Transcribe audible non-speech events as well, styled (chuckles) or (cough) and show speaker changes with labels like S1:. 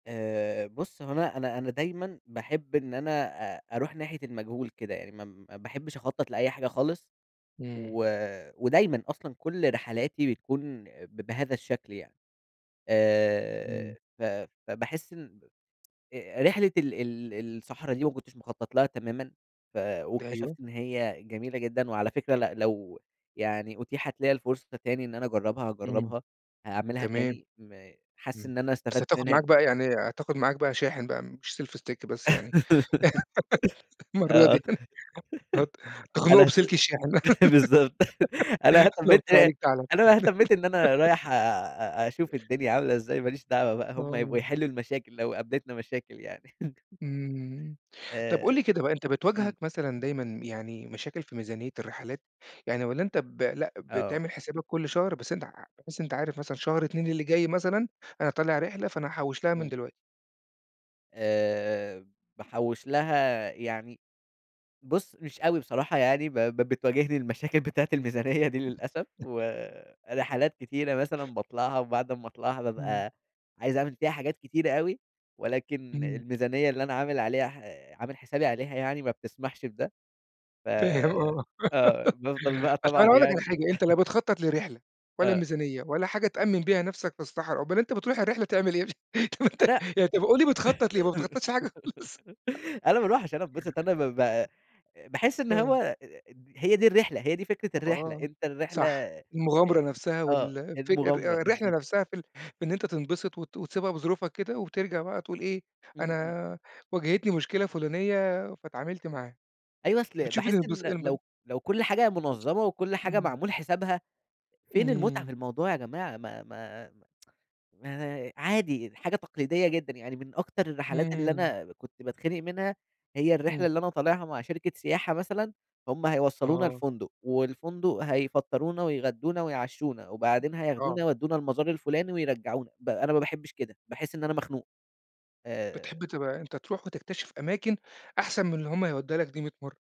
S1: آآ بُص هو أنا أنا أنا دايمًا باحِب إن أنا أ أروح ناحية المجهول كده، يعني ما ما باحبش أخطط لأي حاجة خالص،
S2: إمم.
S1: و ودايمًا أصلًا كلّ رحلاتي بتكون ب بهذا الشكل يعني، آآ
S2: إمم.
S1: ف فباحِس إن (tsk) أ رحلة ال ال الصحرا دي ما كنتش مخطّط لها تمامًا، ف
S2: أيوه.
S1: واكتشفت إن هي جميلة جدًا، وعلى فكرة لأ لو يعني أُتيحَت ليّا الفرصة تاني إن أنا أجرّبها
S2: إمم،
S1: هاجرّبها، هاعملها
S2: تمام،
S1: تاني، م حاسس
S2: إمم،
S1: إن أنا
S2: بس
S1: استفدت
S2: هتاخد
S1: منها
S2: معاك
S1: ج
S2: بقى يعني، هتاخد معاك بقى شاحن بقى مش Selfie stick بس يعني، (laughs)
S1: (laughs)
S2: المرّة
S1: آه،
S2: دي يعني، ه
S1: (laughs) أنا
S2: تخنقه
S1: اهت
S2: بسلك الشاحن،
S1: بالضبط، (chuckles) أنا
S2: (laughs) لو
S1: اهتميت
S2: كان عليك تعالَ.
S1: أنا ما اهتميت إن أنا رايح
S2: (laughs)
S1: آآ أشوف الدنيا عاملة إزاي، ما ليش دعوة بقى هُم يبقوا
S2: آه.
S1: يحِلّوا المشاكل لو قابلتنا مشاكل يعني. (chuckles)
S2: إمم، طب قُل
S1: آآ،
S2: لي كده بقى أنت
S1: إمم.
S2: بتواجهك مثلًا دايمًا يعني مشاكل في ميزانيّة الرحلات، يعني والّا أنت ب لأ
S1: آه.
S2: بتعمل حسابك كلّ شهر بس أنت ع بحيث إن أنت عارف مثلًا شهر 2 اللي جاي مثلًا، أنا طالع رحلة فأنا هاحوّش لها من
S1: إمم.
S2: دلوقتي.
S1: آآ باحوّش لها يعني، بُص مش أوي بصراحة يعني ب ب بتواجهني المشاكل بتاعة الميزانية دي للأسف،
S2: (unintelligible)
S1: ورحلات كتيرة مثلًا باطلعها وبعد أمّا اطلعها
S2: إمم.
S1: بابقى، عايز أعمل فيها حاجات كتيرة أوي، ولكن
S2: إمم.
S1: الميزانية اللي أنا عامل عليها ح عامل حسابي عليها يعني ما بتسمحش بده، ف
S2: فاهم آه،
S1: آه بافضل بقى
S2: (laughs) عشان
S1: طبعًا
S2: أنا أقول لك على
S1: يعني
S2: حاجة أنت لا
S1: (chuckles)
S2: بتخطّط لرحلة، ولا
S1: آه.
S2: الميزانيّة ولا حاجة تأمّن بيها نفْسك في الصحرا، أومّال أنت بتروح الرحلة تعمل إيه؟ (laughs) طب أنت
S1: أنا
S2: يعني طب قُل لي بتخطّط لإيه، ما بتخطّطش حاجة خالص؟
S1: (laughs) أنا ما
S2: (laughs)
S1: أروحش، أنا اتبسطت أنا ما ب باحِس إن هو
S2: آه.
S1: أ هي دي الرحلة، هي دي فكرة الرحلة،
S2: آه،
S1: أنت الرحلة
S2: صح،
S1: آآ،
S2: المغامرة نفْسها
S1: آه،
S2: والفك
S1: المغامرة
S2: الر الرحلة
S1: بالضبط.
S2: نفْسها في ال في إن أنت تنبسط وت وتسيبها بظروفها كده وترجع بقى تقول إيه،
S1: إمم، إمم.
S2: أنا واجهتني مشكلة فُلانية فاتعاملت معاها،
S1: أيوه أصل
S2: بتشوف
S1: باحِس
S2: الانبس
S1: إن
S2: انب
S1: لو لو كلّ حاجة منظّمة وكلّ حاجة
S2: امم.
S1: معمول حسابها، فين المتعة في
S2: إمم.
S1: الموضوع يا جماعة؟ ما ما (tsk) ما عادي دي حاجة تقليديّة جدًا، يعني من أكتر الرحلات اللي
S2: إمم.
S1: أنا كنت باتخِنق منها، هي الرحلة
S2: إمم.
S1: اللي أنا طالعها مع شركة سياحة مثلًا، هُم هيوصّلونا
S2: آه.
S1: الفندق والفندق هيفطّرونا ويغدّونا ويعشّونا، وبعدين
S2: آه.
S1: هياخدونا يودّونا المزار الفلاني ويرجّعونا، ب أنا ما باحِبش كده، باحِس إن أنا مخنوق،
S2: بتحب
S1: آآ
S2: تبقى أنت تروح وتكتشف أماكن، أحسن من اللي هُم هيودوها لك دي 100 مَرّة.